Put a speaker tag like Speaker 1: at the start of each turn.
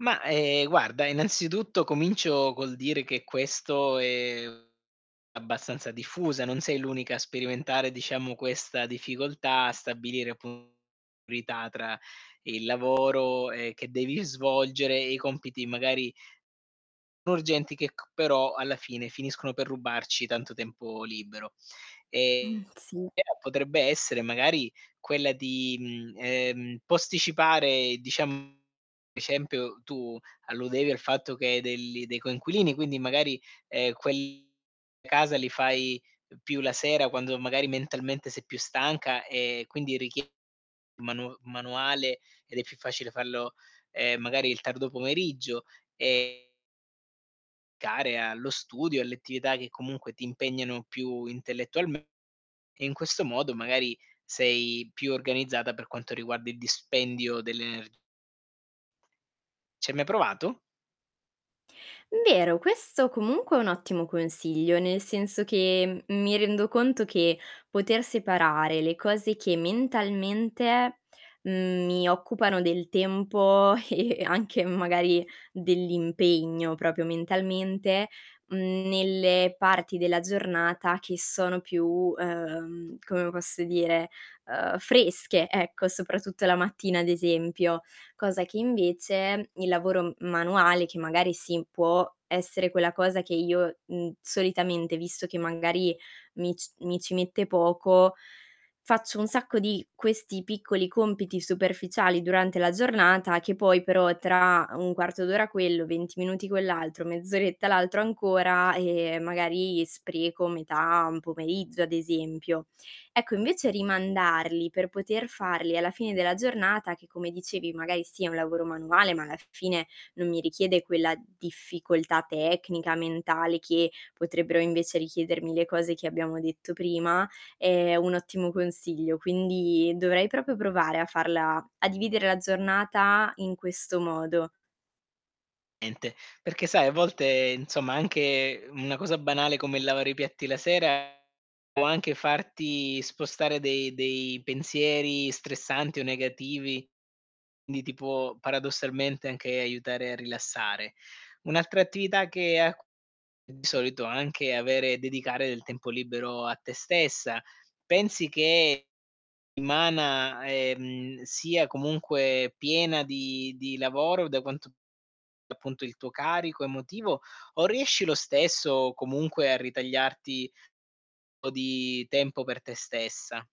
Speaker 1: Ma, ehm, guarda, innanzitutto comincio col dire che questo è abbastanza diffusa, non sei l'unica a sperimentare, diciamo, questa difficoltà a stabilire appun priorità tra il lavoro, ehm, che devi svolgere e i compiti magari urgenti che c però alla fine finiscono per rubarci tanto tempo libero. Ehm,
Speaker 2: Mh, sì.
Speaker 1: però potrebbe essere magari quella di, mhmm, ehm, posticipare, diciam ad esempio tu alludevi al fatto che hai delli dei coinquilini, quindi magari, ehm, quelli a casa li fai più la sera quando magari mentalmente sei più stanca e quindi richie manu manuale ed è più facile farlo, ehm, magari il tardo pomeriggio e care allo studio, alle attività che comunque ti impegnano più intellettualm e in questo modo magari sei più organizzata per quanto riguarda il dispendio delle ener Ci hai mai provato?
Speaker 2: Vero, questo comunque è un ottimo consiglio, nel senso che, mhmm, mi rendo conto che poter separare le cose che mentalmente, mhmm, mi occupano del tempo e e anche magari dell'impegno, proprio mentalmente, mhmm, nelle parti della giornata che sono più, uhm, come posso dire, uhm, fresche, ecco, soprattutto la mattina ad esempio. Cosa che invece il lavoro m manuale che magari sì, può essere quella cosa che io, mhmm, solitamente, visto che magari mi c mi ci mette poco, faccio un sacco di questi piccoli compiti superficiali durante la giornata che poi però, tra 1/4 d'ora quello, 20 minuti quell'altro, mezz'oretta l'altro ancora, ehm, magari spreco metà un pomeriggio, ad esempio. Ecco, invece rimandarli per poter farli alla fine della giornata, che come dicevi magari sì, è un lavoro manuale, ma alla fine non mi richiede quella difficoltà tecnica, mentale che potrebbero invece richiedermi le cose che abbiamo detto prima, è un ottimo consiglio. Quindi, dovrei proprio provare a farla a dividere la giornata in questo modo.
Speaker 1: Niente, perché sai a volte, insomma, anche una cosa banale come lavare i piatti la sera può anche farti spostare de dei pensieri stressanti o negativi, quindi ti può paradossalmente anche aiutare a rilassare. Un'altra attività che a cu di solito anche avere dedicare del tempo libero a te stessa. Pensi che settimana, ehm, sia comunque piena di di lavoro da quanto appunto il tuo carico emotivo o riesci lo stesso comunque a ritagliarti po' di tempo per te stessa?